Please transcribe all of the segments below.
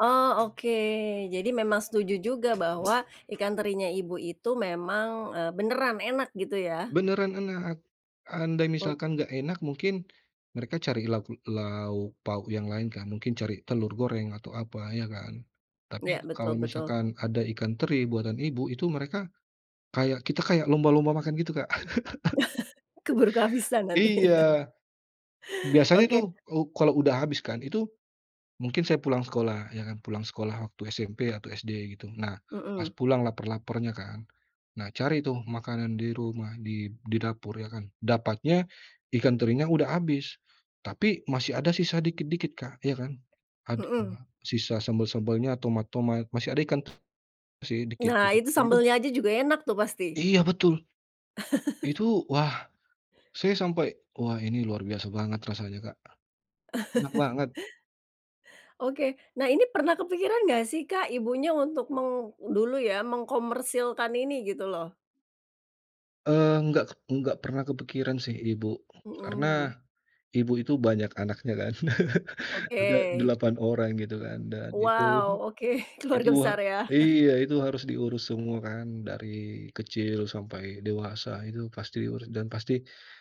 Oh, oke. Jadi, memang setuju juga bahwa ikan terinya ibu itu memang, eee, beneran enak, gitu, ya? Beneran enak. Andai Oh. misalkan nggak enak mungkin, mereka cari lauk lauk pauk yang lain kan, mungkin cari telur goreng, atau apa, iya kan. Iya, Tapi, betul kalau betul. misalkan ada ikan teri buatan ibu, itu mereka, kayak kita kayak lomba-lomba makan gitu, Kak. keburu kehabisan nanti. Iya. Biasanya Oke. tuh, u kalau udah habis kan itu, mungkin saya pulang sekolah, ya kan, pulang sekolah waktu SMP atau SD, gitu. Nah, pas Mhm. pulang lapar-laparnya kan, nah cari tuh makanan di rumah, di di dapur ya kan, dapatnya, ikan terinya udah habis. Tapi, masih ada sisa dikit-dikit, Kak, ya kan. Ad Mhm. heeh, sisa sambel-sambelnya, tomat-tomat, masih ada ikan masih dikit Nah gitu itu nah, itu sambelnya aja juga enak tuh pasti. Iya, betul. Itu, wah, saya sampai, wah, ini luar biasa banget rasanya, Kak. Enak banget. Oke. Nah, ini pernah kepikiran nggak sih Kak, ibunya untuk meng dulu ya, mengkomersilkan ini, gitu loh? Eee, enggak ke enggak pernah kepikiran sih, ibu. Mhm. Karena, ibu itu banyak anaknya kan. Ada Oke. 8 orang, gitu kan, dan, itu, Wow oke, itu keluarga a besar ya? iya, itu harus diurus semua kan, dari kecil sampai dewasa itu pasti urus. Dan pasti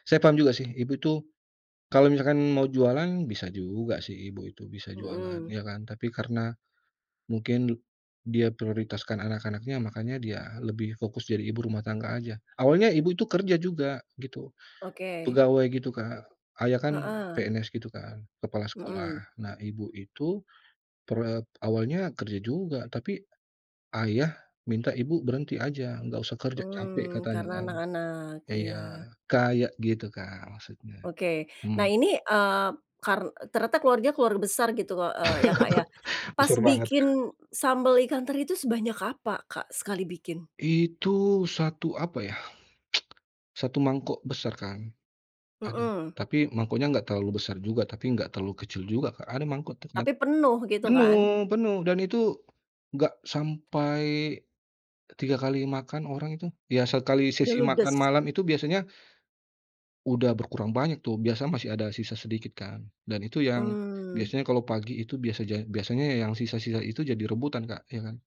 saya paham juga sih, ibu itu, kalau misalkan mau jualan, bisa juga sih ibu itu, bisa jualan, Mhm. ya kan. Tapi karena, mungkin du dia prioritaskan anak-anaknya, makanya dia lebih fokus jadi ibu rumah tangga aja. Awalnya ibu itu kerja juga, gitu, Oke. pegawai gitu, Kak. ayah kan Heeh. PNS gitu kan, kepala sekolah. Mhm. Nah, ibu itu per e awalnya kerja juga, tapi, ayah minta ibu berhenti aja, nggak usah kerja, capek Mmm, katanya, karena kan. anak-anak, Iya, iya. kayak gitu, Kak, maksudnya, Oke. Nah hmm. ini, eee, kar ternyata keluarganya keluarga besar gitu, heeh, ya, Kak, ya? Pas Besar banget, Kak. bikin, sambal ikan teri itu sebanyak apa Kak, sekali bikin? Itu 1 apa ya, 1 mangkok besar kan, aduh, Mhm. tapi mangkoknya nggak terlalu besar juga, tapi nggak terlalu kecil juga, Kak. Ada mangkok tuh kan, Tapi penuh gitu kan? penuh penuh, dan itu nggak sampai, 3 kali makan orang itu ya, sekali sesi makan Diludes. malam itu biasanya, udah berkurang banyak tuh, biasa masih ada sisa sedikit kan, dan itu yang, Mmm. biasanya kalau pagi itu biasaja biasanya yang sisa-sisa itu jadi rebutan, Kak, ya kan.